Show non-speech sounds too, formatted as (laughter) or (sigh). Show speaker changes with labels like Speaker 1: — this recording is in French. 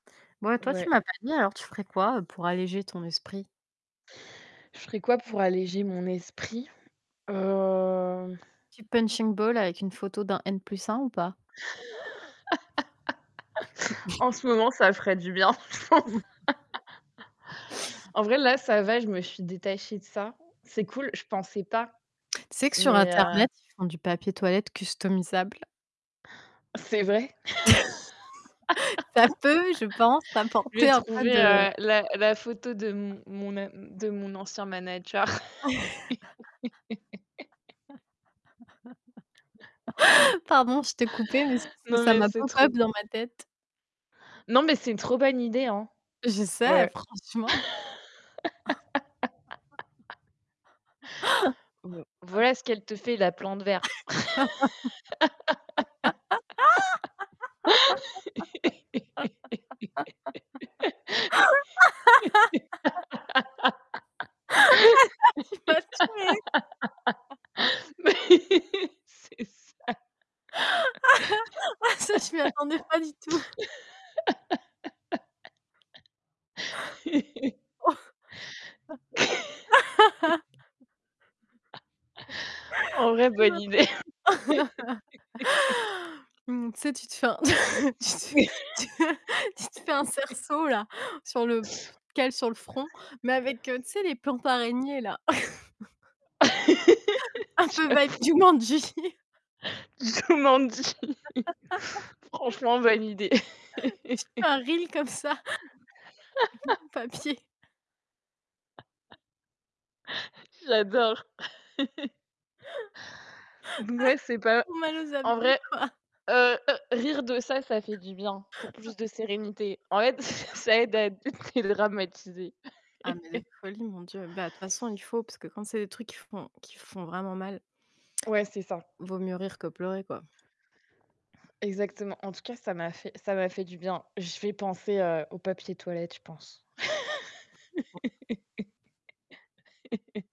Speaker 1: Bon, et toi tu
Speaker 2: Ouais.
Speaker 1: m'as pas dit, alors tu ferais quoi, heu, pour alléger ton esprit?
Speaker 2: Je ferais quoi pour alléger mon esprit? Heu
Speaker 1: Tu «punching ball» avec une photo d'un N+1 ou pas?
Speaker 2: (laughs)
Speaker 1: (chuckles)
Speaker 2: En ce moment, ça ferait du bien. (chuckles)
Speaker 1: (chuckles) (chuckles)
Speaker 2: En vrai, là, ça va, je me suis détachée de ça. C'est cool, je pensais pas,
Speaker 1: Tu sais que sur
Speaker 2: mais heu
Speaker 1: internet, ils font du papier toilette customisable?
Speaker 2: C'est vrai?
Speaker 1: (chuckles) Ça peut, je pense,
Speaker 2: (laughs) Je vais
Speaker 1: t'apporter un peu
Speaker 2: trouver,
Speaker 1: de
Speaker 2: heu, la la photo de mon mon a de mon ancien manager. (laughs)
Speaker 1: (laughs) Pardon, je t'ai coupée, mais c'est juste que
Speaker 2: Non,
Speaker 1: ça
Speaker 2: mais
Speaker 1: m'a
Speaker 2: c'est
Speaker 1: pop-up
Speaker 2: trop
Speaker 1: dans ma tête.
Speaker 2: non, mais c'est une trop bonne idée, hein.
Speaker 1: Je sais,
Speaker 2: Ouais.
Speaker 1: franchement.
Speaker 2: (laughs) Bon, voilà
Speaker 1: (laughs)
Speaker 2: ce qu'elle te fait la plante verte. (laughs)
Speaker 1: (giggles) (giggles) Tu m'as tuée. (chuckles)
Speaker 2: Mais, c'est ça.
Speaker 1: (chuckles) Ah, ça je m'y attendais pas du tout.
Speaker 2: (laughs) (chuckles) (chuckles) En vrai, bonne idée.
Speaker 1: (laughs)
Speaker 2: (laughs)
Speaker 1: Mmh. Tu sais, tu te fais un (chuckles) tu te fais (chuckles) tu te fais un
Speaker 2: (laughs)
Speaker 1: cerceau là, sur le tu te le cales sur le front, mais avec, heu, tu sais, les plantes araignées là. (chuckles)
Speaker 2: (laughs)
Speaker 1: Un peu vibe
Speaker 2: J'avoue.
Speaker 1: Jumanji.
Speaker 2: Jumanji.
Speaker 1: (laughs)
Speaker 2: Franchement validé.
Speaker 1: (chuckles) Tu fais un reel comme ça.
Speaker 2: (laughs)
Speaker 1: (unintelligible) papier.
Speaker 2: (chuckles) J'adore. (chuckles) Donc, ouais, c'est
Speaker 1: (chuckles) Ah, j'ai
Speaker 2: pas
Speaker 1: trop mal aux
Speaker 2: en
Speaker 1: abdominaux,
Speaker 2: vrai,
Speaker 1: quoi.
Speaker 2: heu, rire de ça, ça fait du bien pour
Speaker 1: (chuckles)
Speaker 2: plus de sérénité. En fait, (chuckles) ça aide
Speaker 1: (laughs)
Speaker 2: à d (chuckles) dédramatiser.
Speaker 1: Ah, mais de
Speaker 2: (chuckles)
Speaker 1: folie. Mon dieu. Bah, de toute façon il faut, parce que quand c'est des trucs qui font qui font vraiment mal
Speaker 2: Ouais, c'est ça.
Speaker 1: vaut mieux rire que pleurer, quoi.
Speaker 2: Exactement. En tout cas, ça m'a fait ça m'a fait du bien. Je vais penser, heu, au papier toilette, je pense. (laughs)